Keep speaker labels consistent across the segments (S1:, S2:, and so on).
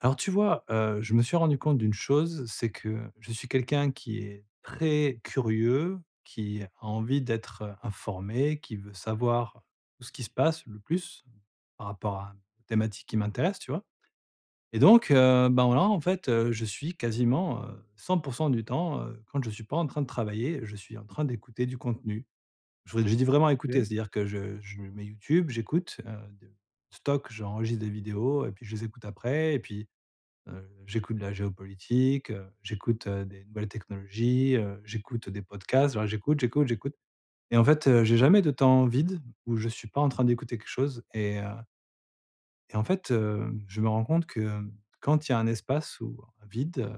S1: Alors tu vois, heu, je me suis rendu compte d'une chose, c'est que je suis quelqu'un qui est très curieux, qui a envie d'être informé, qui veut savoir tout ce qui se passe le plus, par rapport à un thématique qui m'intéresse, tu vois? Et donc, heu, ben, voilà en fait, heu, je suis quasiment heu 100 % du temps, heu, quand je suis pas en train de travailler, je suis en train d'écouter du contenu. Je vrai je dis vraiment écouter,
S2: OK.
S1: c'est-à-dire que je je me mets YouTube, j'écoute heu de stocke, j'enregistre des vidéos et puis je les écoute après. Et puis, heu j'écoute de la géopolitique, heu, j'écoute, heu, des nouvelles technologies, heu, j'écoute, heu, des podcasts. Voilà j'écoute, j'écoute, j'écoute. Et en fait, heu, j'ai jamais de temps vide où je suis pas en train d'écouter quelque chose et heu et en fait, hem, je me rends compte que quand il y a un espace ou un vide, heu,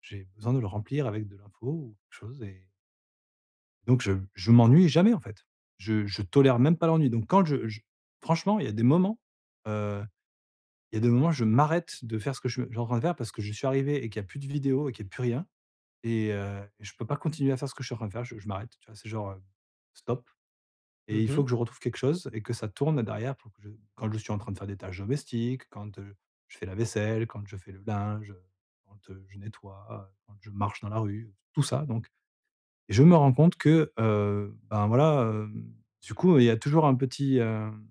S1: j'ai besoin de le remplir avec de l'info, ou quelque chose et donc je je m'ennuie jamais, en fait! Je je tolère même pas l'ennui. Donc quand je je franchement, il y a des moments heu il y a des moments je m'arrête de faire ce que je je suis en train de faire, parce que je suis arrivé et qu'il y a plus de vidéos et qu'il y a plus rien et heu et je peux pas continuer à faire ce que je suis en train de faire, je je m'arrête, tu vois? C'est genre, heu, stop. Et
S2: Mmh
S1: il faut
S2: mh.
S1: que je retrouve quelque chose et que ça tourne derrière pour que je quand je suis en train de faire des tâches domestiques, quand, heu, je fais la vaisselle, quand je fais le linge, heu, quand, heu, je nettoie heu, quand je marche dans la rue, tout ça, donc. Et je me rends compte que, heu, ben, voilà, hem, du coup, heu, il y a toujours un petit, heu, un petit, heu,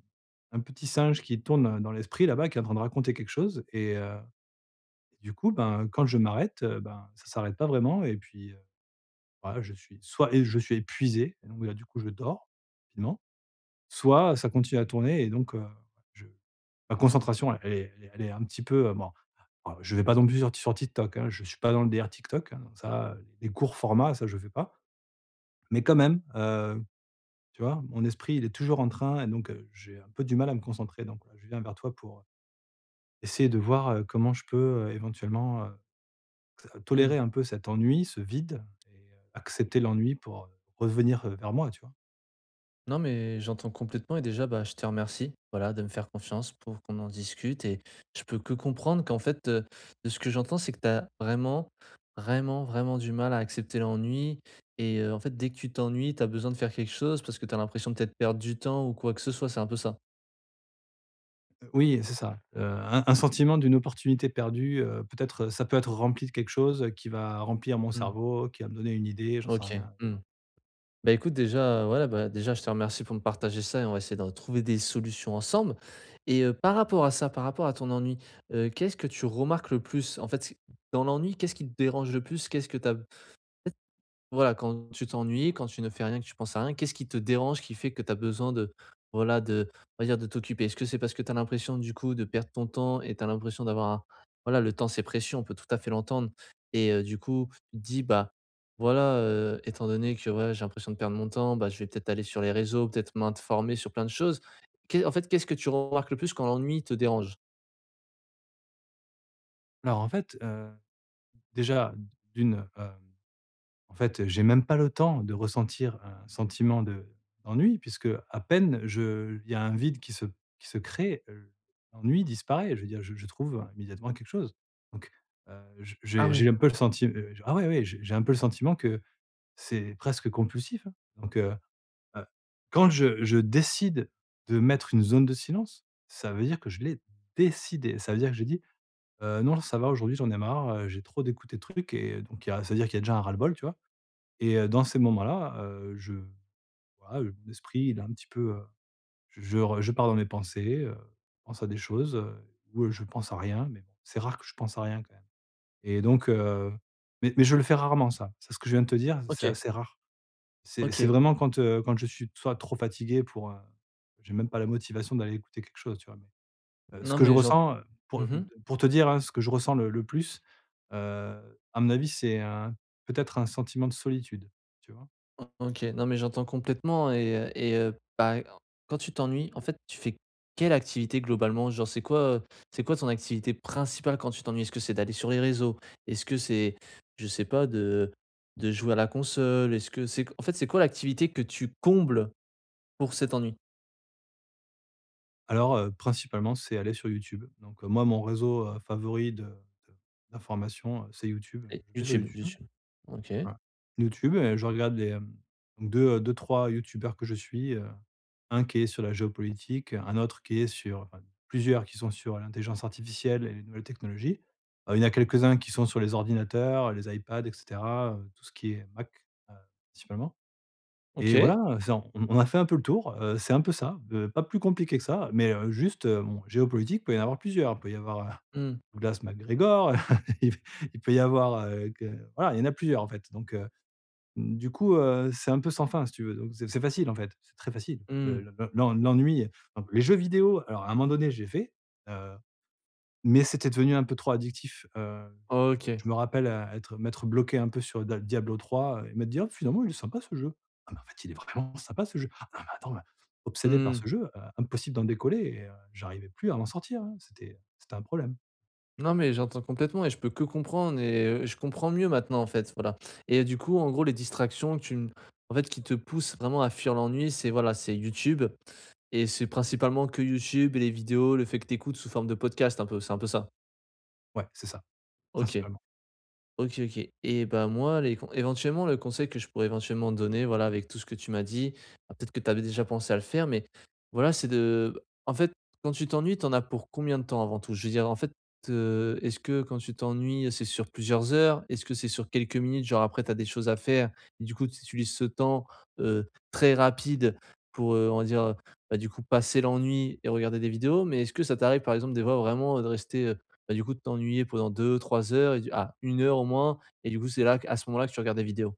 S1: un petit singe qui tourne dans dans l'esprit là-bas qui est en train de raconter quelque chose et heu, du coup, ben, quand je m'arrête, heu, ben, ça s'arrête pas vraiment et puis, heu, voilà je suis soit et je suis épuisé, et donc, bah, là, du coup, je dors, finalement, soit ça continue à tourner et donc, heu, je la concentration elle est elle est elle est un petit peu, heu, bon, alors je vais pas non plus sur ti sur TikTok, hein! Je suis pas dans le délire TikTok, hein. Ça, heu, les courts formats, ça je fais pas. Mais quand même, heu, tu vois? Mon esprit, il est toujours en train et donc, heu, j'ai un peu du mal à me concentrer. Donc je viens vers toi pour, heu, essayer de voir, heu, comment je peux, heu, éventuellement, heu, to
S2: Mmh.
S1: tolérer un peu cet ennui, ce vide et heu, accepter l'ennui pour, heu, revenir, heu, vers moi, tu vois?
S2: Non, mais, j'entends complètement et déjà, bah, je te remercie, voilà, de me faire confiance pour qu'on en discute. Et je peux que comprendre qu'en fait, heu, de ce que j'entends, c'est que tu as vraiment, vraiment, vraiment du mal à accepter l'ennui. Et, heu, en fait, dès que tu t'ennuies, tu as besoin de faire quelque chose, parce que tu as l'impression peut-être de perdre du temps ou quoi que ce soit, c'est un peu ça?
S1: Heu, oui, c'est ça. Heu, un un sentiment d'une opportunité perdue, heu, peut-être ça peut être rempli de quelque chose, qui va remplir mon
S2: Mmh.
S1: cerveau, qui va me donner une idée. J'en sais
S2: OK,
S1: rien, heu, tu
S2: mmh,
S1: vois?
S2: bah écoute, déjà, ouais, bah déjà, je te remercie pour me partager ça et on va essayer de re trouver des solutions ensemble! Et heu, par rapport à ça, par rapport à ton ennui, heu, qu'est-ce que tu remarques le plus? En fait, dans l'ennui, qu'est-ce qui te dérange le plus? Qu'est-ce que tu as en fait, voilà, quand tu t'ennuies, quand tu ne fais rien, que tu penses à rien, qu'est-ce qui te dérange, qui fait que tu as besoin de, voilà, de, on va dire, de t'occuper? Est-ce que c'est parce que tu as l'impression, du coup, de perdre ton temps et tu as l'impression d'avoir un voilà, le temps, c'est précieux, on peut tout à fait l'entendre. Et, heu, du coup, tu te dis bah: «Voilà, heu, étant donné que, ouais, j'ai l'impression de perdre mon temps, bah, je vais peut-être aller sur les réseaux, peut-être m'informer sur plein de choses». Qu'est en fait, qu'est-ce que tu remarques le plus quand l'ennui te dérange?
S1: Alors en fait, heu, déjà d'1, hem, en fait, j'ai même pas le temps de ressentir un sentiment de d'ennui! Puisque à peine je il y a un vide qui se qui se crée, heu, l'ennui disparaît. Je veux dire je je trouve immédiatement quelque chose. Donc, heu, je
S2: Ah
S1: j'ai j'ai
S2: ouais?
S1: un peu le senti heu, j ah oui, oui! J'ai j'ai un peu le sentiment que c'est presque compulsif, hein. Donc heu heu, quand je je décide de mettre une zone de silence, ça veut dire que je l'ai décidé. Ça veut dire que j'ai dit: «Heu, non, l ça va aujourd'hui, j'en ai marre, heu, j'ai trop d'écouter de trucs». Et donc il y a ça veut dire qu'il y a déjà un ras-le-bol, tu vois? Et, heu, dans ces moments-là, heu, je voilà, heu, l'esprit, il est un petit peu, heu, je je re je pars dans mes pensées, heu, pense à des choses, heu, ou, heu, je pense à rien, mais bon, c'est rare que je pense à rien quand même. Et donc, heu, mais mais, je le fais rarement ça, c'est ce que je viens de te dire, c'est
S2: OK.
S1: assez rare. C'est c'est
S2: OK.
S1: vraiment quand, heu, quand je suis soit trop fatigué pour, heu, j'ai même pas la motivation d'aller écouter quelque chose, tu vois, mais, heu, ce
S2: Non
S1: que je
S2: mais j'ent
S1: ressens heu, pour
S2: mmh
S1: heu mmh
S2: mh.
S1: te pour te dire, hein, ce que je ressens le le plus. Heu, à mon avis, c'est un peut-être un sentiment de solitude. Tu vois?
S2: O OK, non mais j'entends complètement et et, heu, bah e quand tu t'ennuies, en fait, tu fais quelle activité, globalement? Genre, c'est quoi, heu c'est quoi ton activité principale quand tu t'ennuies? Est-ce que c'est d'aller sur les réseaux? Est-ce que c'est, je sais pas, de de jouer à la console? Est-ce que c'est q en fait, c'est quoi l'activité que tu combles pour cet ennui?
S1: Alors, heu, principalement, c'est aller sur YouTube. Donc, heu, moi mon réseau, heu, favori de de d'information, heu, c'est YouTube.
S2: Et
S1: Je vais sur
S2: YouTube,
S1: YouTube
S2: YouTube. OK.
S1: voilà, YouTube et je regarde les hem 2 heu, 2-3 youtubeurs que je suis, heu, 1 qui est sur la géopolitique, 1 autre qui est sur plusieurs, qui sont sur l'intelligence artificielle et les nouvelles technologies. Heu, il y en a quelques-uns qui sont sur les ordinateurs, les iPad et cetera, heu, tout ce qui est Mac, heu, principalement. Et
S2: OK!
S1: voilà, c'est on on on a fait un peu le tour, heu, c'est un peu ça. Be pas plus compliqué que ça, mais, heu, juste, heu, bon géopolitique, peut y en avoir plusieurs. Il peut y avoir, heu,
S2: Mmh.
S1: Douglas McGregor, il il peut y avoir, heu, que voilà, il y en a plusieurs en fait. Donc, heu, du coup, heu, c'est un peu sans fin, si tu veux. Donc c'est c'est facile en fait, c'est très facile l'e
S2: Mmh.
S1: l'e l'e l'en l'ennui. [unintelligible] Les jeux vidéo, alors à un moment donné, j'ai fait. Heu, mais c'était devenu un peu trop addictif. Heu,
S2: OK.
S1: je me rappelle être m'être bloqué un peu sur da Diablo III et m'être dit: «Oh, finalement, il est sympa ce jeu. Ah, mais en fait, il est vraiment sympa ce jeu! Ah, mais attends mais» obsédé par
S2: Mmh.
S1: ce jeu, heu, impossible d'en décoller et, heu, j'arrivais plus à m'en sortir, hein. C'était c'était un problème.
S2: Non, mais j'entends complètement et je peux que comprendre et, heu, je comprends mieux maintenant, en fait, voilà. Et du coup, en gros, les distractions tu n en fait, qui te poussent vraiment à fuir l'ennui c'est, voilà, c'est YouTube et c'est principalement que YouTube et les vidéos, le fait que tu écoutes sous forme de podcast un peu, c'est un peu ça?
S1: Ouais, c'est ça.
S2: OK.
S1: Principalement.
S2: OK, OK. Eh bah moi, les con éventuellement, le conseil que je pourrais éventuellement donner, voilà, avec tout ce que tu m'as dit- alors peut-être que tu avais déjà pensé à le faire mais, voilà- c'est de, en fait, quand tu t'ennuies, tu en as pour combien de temps, avant tout? Je veux dire, en fait, heu, est-ce que quand tu t'ennuies c'est sur plusieurs heures? Est-ce que c'est sur quelques minutes, genre après tu as des choses à faire et du coup tu utilises ce temps, heu, très rapide pour, heu, on va dire, heu, bah du coup, passer l'ennui et regarder des vidéos? Mais est-ce que ça t'arrive par exemple des fois vraiment, heu, de rester, heu, bah du coup, de t'ennuyer pendant 2-3 heures et du ah, 1 heure au moins, et du coup c'est là qu à ce moment-là que tu regardes des vidéos?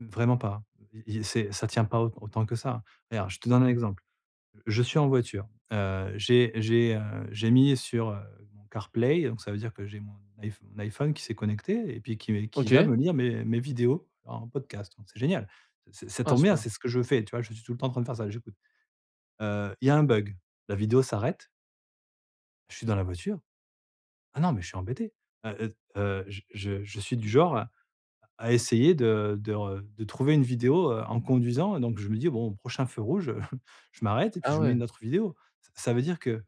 S1: Vraiment pas, hein. I i c'est ça tient pas aut autant que ça, hein. Regarde, je te donne un
S2: Mmh.
S1: exemple: Je suis en voiture, heu, j'ai j'ai, heu j'ai mis sur, heu, mon CarPlay donc ça veut dire que j'ai mon iPh mon iPhone qui s'est connecté et puis qui qui va
S2: OK!
S1: me lire mes mes vidéos en podcast, donc c'est génial! Ç ç ça
S2: Ah,
S1: tombe bien,
S2: super.
S1: c'est ce que je fais, tu vois? Je suis tout le temps en train de faire ça, j'écoute. Heu il y a un bug: la vidéo s'arrête Je suis dans la voiture. Ah non, mais je suis embêté! Heu heu heu je je je suis du genre à à essayer de de re de trouver une vidéo, heu, en conduisant et donc je me dis: «Bon au prochain feu rouge, heu, je m'arrête et puis
S2: Ah
S1: je mets une
S2: ouais!
S1: autre vidéo». Ça veut dire que,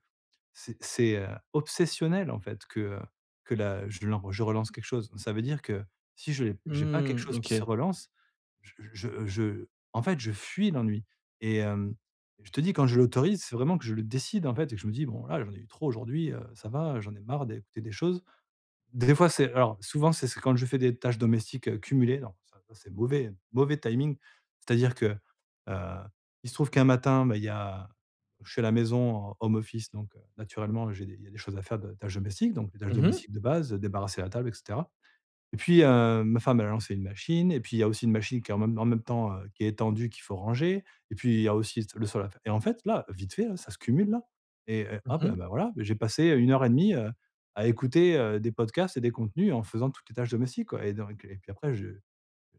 S1: c'est c'est heu obsessionnel en fait, que, heu, que la je lan je relance quelque chose. Ça veut dire que si je l'ai j'ai pas quelque
S2: Mmh,
S1: chose qui se
S2: OK.
S1: relance, je je je en fait je fuis l'ennui. Et hem, je te dis quand je l'autorise, c'est vraiment que je le décide en fait, et que je me dis: «Bon, là j'en ai eu trop aujourd'hui, heu, ça va. Heu j'en ai marre d'écouter des choses». D des fois c'est alors, souvent c'est c'est quand je fais des tâches domestiques, heu, cumulées, alors ça, ça c'est mauvais mauvais timing, c'est-à-dire que, heu, il se trouve qu'un matin, bah il y a je suis à la maison, en home office donc, heu, naturellement j'ai des il y a des choses à faire, des tâches domestiques. Donc les tâches
S2: Mmh mh!
S1: domestiques de base, débarrasser la table et cetera. Et puis heu, ma femme, elle a lancé une machine et puis il y a aussi une machine qui est en même en même temps, heu, qui est étendue, qu'il faut ranger, et puis il y a aussi s le sol à faire. Et en fait, là, vite fait là, ça se cumule là et et
S2: Mmh
S1: hop! Et
S2: mh.
S1: bah voilà. J'ai passé heu 1:30, heu, à écouter, heu, des podcasts et des contenus en faisant toutes les tâches domestiques, quoi. Et donc, et puis après je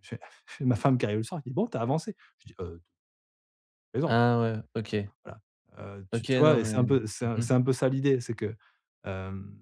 S1: je fais ma femme qui arrive le soir et qui dit: «Bon tu as avancé?». Je dis: «Heu» «beh non!».
S2: Ah ouais, OK.
S1: Voilà, heu tu
S2: OK,
S1: tu vois?
S2: non
S1: Et c'est
S2: mais
S1: un peu c'est
S2: Mmh mh.
S1: c'est un peu ça l'idée, c'est que hem,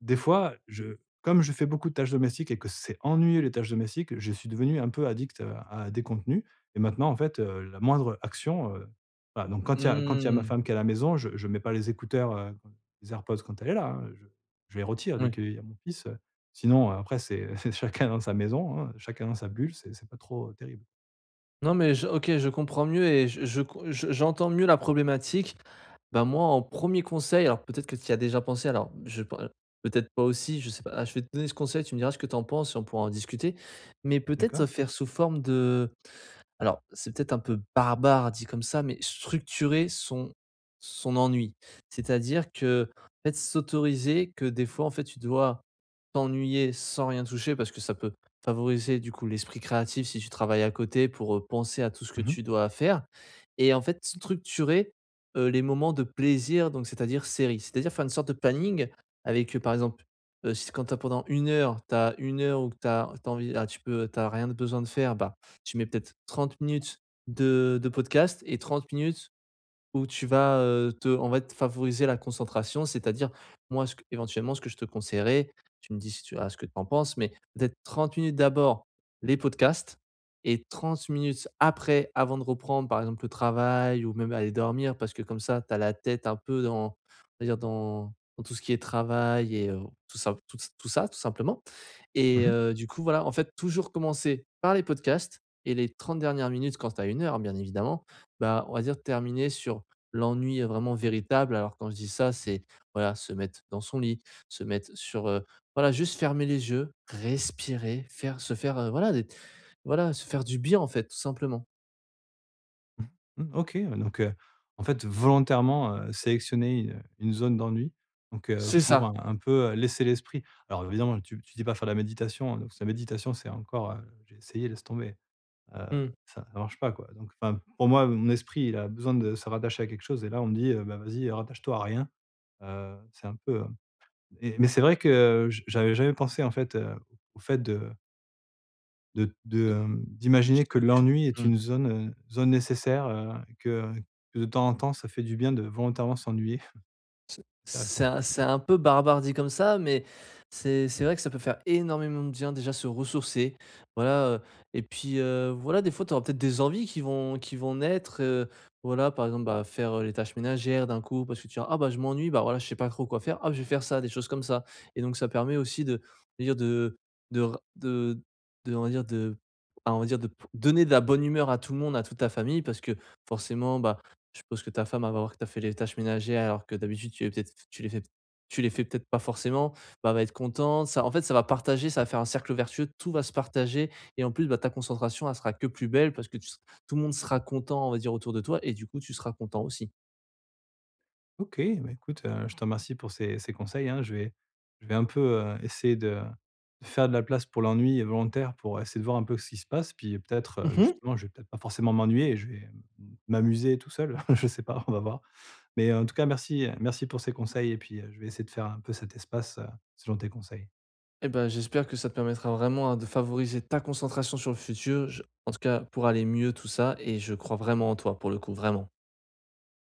S1: des fois, je comme je fais beaucoup de tâches domestiques et que c'est ennuyeux les tâches domestiques, je suis devenu un peu addict, heu, à des contenus. Et maintenant en fait, heu, la moindre action, heu, voilà. Donc quand il y a quand il y a ma
S2: Mmh!
S1: femme qui est à la maison, je je mets pas les écouteurs, heu, les AirPods quand elle est là, hein! Je je les retire dès
S2: Ouais.
S1: qu'il y a mon fils, heu, sinon après c'est c'est chacun dans sa maison, hein, chacun dans sa bulle. C'est c'est pas trop, heu, terrible.
S2: Non, mais je OK, je comprends mieux et je je com je je j'entends mieux la problématique. Ben moi, en 1er conseil- alors, peut-être que tu y as déjà pensé- alors je pen peut-être pas aussi je sais pas, a je vais te donner ce conseil, tu me diras ce que tu en penses et on pourra en discuter. Mais peut-être
S1: D'accord.
S2: faire sous forme de alors, c'est peut-être un peu barbare, dit comme ça, mais structurer son son ennui. C'est-à-dire qu'en fait, s'autoriser que des fois en fait, tu dois t'ennuyer sans rien toucher, parce que ça peut favoriser du coup l'esprit créatif si tu travailles à côté, pour, heu, penser à tout ce que
S1: Mmh mh.
S2: tu dois faire. Et en fait, structurer, heu, les moments de plaisir, donc c'est-à-dire séries. C'est-à-dire faire une sorte de planning, avec, heu, par exemple, heu, s quand tu as pendant 1 heure, tu as 1 heure ou que tu as tu as envie a tu peux tu as rien de besoin de faire, ben tu mets peut-être 30 minutes de de podcast et 30 minutes où tu vas, heu, te en fait, favoriser la concentration, c'est-à-dire moi ce que éventuellement, ce que je te conseillerais, tu me dis si tu as ce que tu en penses, mais peut-être 30 minutes, d'abord les podcasts et 30 minutes après, avant de reprendre par exemple le travail ou même aller dormir, parce que comme ça, tu as la tête un peu dans, on va dire dans, dans tout ce qui est travail et, heu, tout ça tout ç tout ça, tout simplement.
S1: Mmh
S2: Et
S1: mh.
S2: heu, du coup, voilà en fait, toujours commencer par les podcasts et les 30 dernières minutes- quand tu as 1 heure, bien évidemment- bah, on va dire terminer sur l'ennui, heu, vraiment véritable. Alors, quand je dis ça, c'est voilà, se mettre dans son lit, se mettre sur heu, voilà juste fermer les yeux, respirer, faire se faire heu, voilà, voilà se faire du bien en fait, tout simplement.
S1: Mmh Mmh, OK, heu, donc, heu, en fait, volontairement, heu, sélectionner, heu, une zone d'ennui. Donc, heu,
S2: C'est
S1: pour
S2: ça!
S1: un un peu laisser l'esprit alors évidemment tu tu dis pas faire de la méditation, hein, donc ça méditation c'est encore heu j'ai essayé, laisse tomber! Heu
S2: Mmh.
S1: ça ça marche pas, quoi, donc enfin pour moi, mon esprit il a besoin de se rattacher à quelque chose et là on me dit: «Heu bah vas-y, heu rattache-toi à rien», heu, c'est un peu heu et mais c'est vrai que je j'avais jamais pensé, en fait heu, au fait de de de, hem, d'imaginer que
S2: [unintelligible] que
S1: l'ennui est
S2: Mmh.
S1: une zone, heu, zone nécessaire, heu, que, heu, que de temps en temps ça fait du bien de volontairement s'ennuyer.
S2: C'est c'est
S1: Intéressant.
S2: un c'est un peu barbare, dit comme ça, mais c'est c'est vrai que ça peut faire énormément de bien, déjà, se ressourcer, voilà. Heu et puis, heu, voilà, des fois tu auras peut-être des envies qui vont qui vont naître, heu, voilà. Par exemple, bah, faire, heu, les tâches ménagères d'un coup, parce que tu te diras: «Ah bah je m'ennuie, bah voilà, je sais pas trop quoi faire. Ah je vais faire ça!», des choses comme ça. Et donc, ça permet aussi de de dire, de de ra de de, on va dire, de bah on va dire de p donner de la bonne humeur à tout le monde, à toute ta famille. Parce que forcément, bah je suppose que ta femme, elle va voir que tu as fait les tâches ménagères alors que d'habitude tu les peut-être tu les fais p tu les fais peut-être pas forcément, bah, elle va être contente, ça en fait ça va partager. Ça va faire un cercle vertueux, tout va se partager et en plus, bah ta concentration elle sera que plus belle parce que tu se tout le monde sera content, on va dire, autour de toi. Et du coup tu seras content aussi.
S1: OK! Ben écoute, heu, je te remercie pour ces ces conseils, hein. Je vais je vais un peu, heu, essayer de de faire de la place pour l'ennui, heu, volontaire, pour essayer de voir un peu ce qui se passe. Puis, heu, peut-être,
S2: Mmh mh!
S1: justement, je vais peut-être pas forcément m'ennuyer et je vais m m'amuser tout seul, je sais pas, on va voir! Mais en tout cas merci merci pour ces conseils et puis heu je vais essayer de faire un peu cet espace, heu, selon tes conseils.
S2: Eh bah j'espère que ça te permettra vraiment, hein, de favoriser ta concentration sur le futur, je en tout cas pour aller mieux, tout ça. Et je crois vraiment en toi, pour le coup, vraiment.